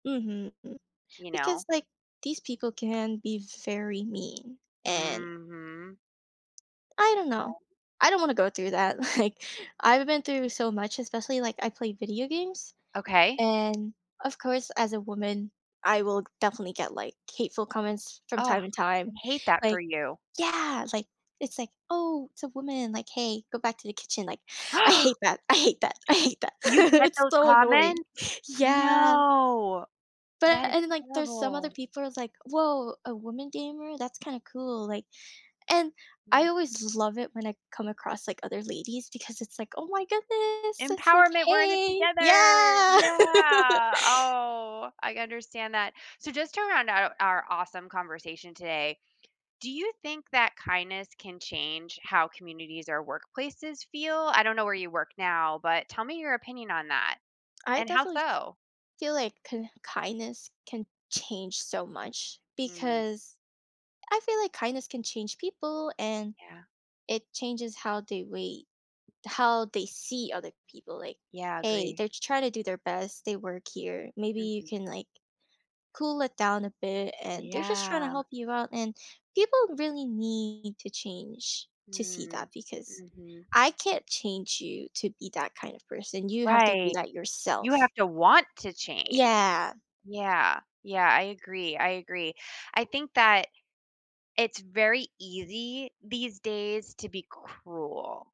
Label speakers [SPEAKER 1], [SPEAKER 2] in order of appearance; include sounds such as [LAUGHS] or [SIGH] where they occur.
[SPEAKER 1] Mhm. M
[SPEAKER 2] You know?
[SPEAKER 1] because, like, these people can be very mean, and
[SPEAKER 2] Mhm.
[SPEAKER 1] I don't
[SPEAKER 2] Yeah.
[SPEAKER 1] know. I don't wanna go through that, like, I've been through so much, especially, like, I play video games,
[SPEAKER 2] Okay.
[SPEAKER 1] and, of course, as a woman, I will definitely get, like, hateful comments from
[SPEAKER 2] Ugh.
[SPEAKER 1] time to
[SPEAKER 2] I
[SPEAKER 1] time.
[SPEAKER 2] hate that for
[SPEAKER 1] Like
[SPEAKER 2] you.
[SPEAKER 1] Yeah, like, it's like, "Oh, it's a woman," like, "Hey, go back to the kitchen," like, I hate
[SPEAKER 2] [GASPS]
[SPEAKER 1] that, I hate that, I hate that.
[SPEAKER 2] You
[SPEAKER 1] [LAUGHS]
[SPEAKER 2] get
[SPEAKER 1] It's
[SPEAKER 2] those
[SPEAKER 1] so annoying.
[SPEAKER 2] comments?
[SPEAKER 1] Yeah.
[SPEAKER 2] No,
[SPEAKER 1] But
[SPEAKER 2] that is
[SPEAKER 1] and then, like, there's some other
[SPEAKER 2] terrible.
[SPEAKER 1] people are like, "Woah, a woman gamer? That's kinda cool," like and I
[SPEAKER 2] Mm.
[SPEAKER 1] always l love it when I come across, like, other ladies because it's like, "Oh my goodness!" It's like,
[SPEAKER 2] "Empowerment! We're in it
[SPEAKER 1] "Hey!"
[SPEAKER 2] together!
[SPEAKER 1] Yeah. [LAUGHS]
[SPEAKER 2] Yeah!" Oh, I understand that. So, just to round out our awesome conversation today, do you think that kindness can change how communities or workplaces feel? I don't know where you work now, but tell me your opinion on that,
[SPEAKER 1] I
[SPEAKER 2] and how
[SPEAKER 1] definitely f
[SPEAKER 2] so?
[SPEAKER 1] feel like k kindness can change so much,
[SPEAKER 2] Mm.
[SPEAKER 1] because I feel like kindness can change people, and
[SPEAKER 2] Yeah.
[SPEAKER 1] it changes how they wait, how they see other people, like,
[SPEAKER 2] Yeah,
[SPEAKER 1] "Hey,
[SPEAKER 2] agree.
[SPEAKER 1] they're trying to do their best, they work here, maybe you
[SPEAKER 2] Mhm.
[SPEAKER 1] can, like, cool it down a bit, and they're just trying to
[SPEAKER 2] Yeah.
[SPEAKER 1] help you out." And people really need to change to see
[SPEAKER 2] Mm.
[SPEAKER 1] that because
[SPEAKER 2] Mhm.
[SPEAKER 1] I can't change you to be that kind of person, you have to do
[SPEAKER 2] Right.
[SPEAKER 1] that
[SPEAKER 2] You
[SPEAKER 1] yourself.
[SPEAKER 2] have to want to change.
[SPEAKER 1] Yeah.
[SPEAKER 2] Yeah, yeah. I agree, I agree. I think that it's very easy these days to be cruel.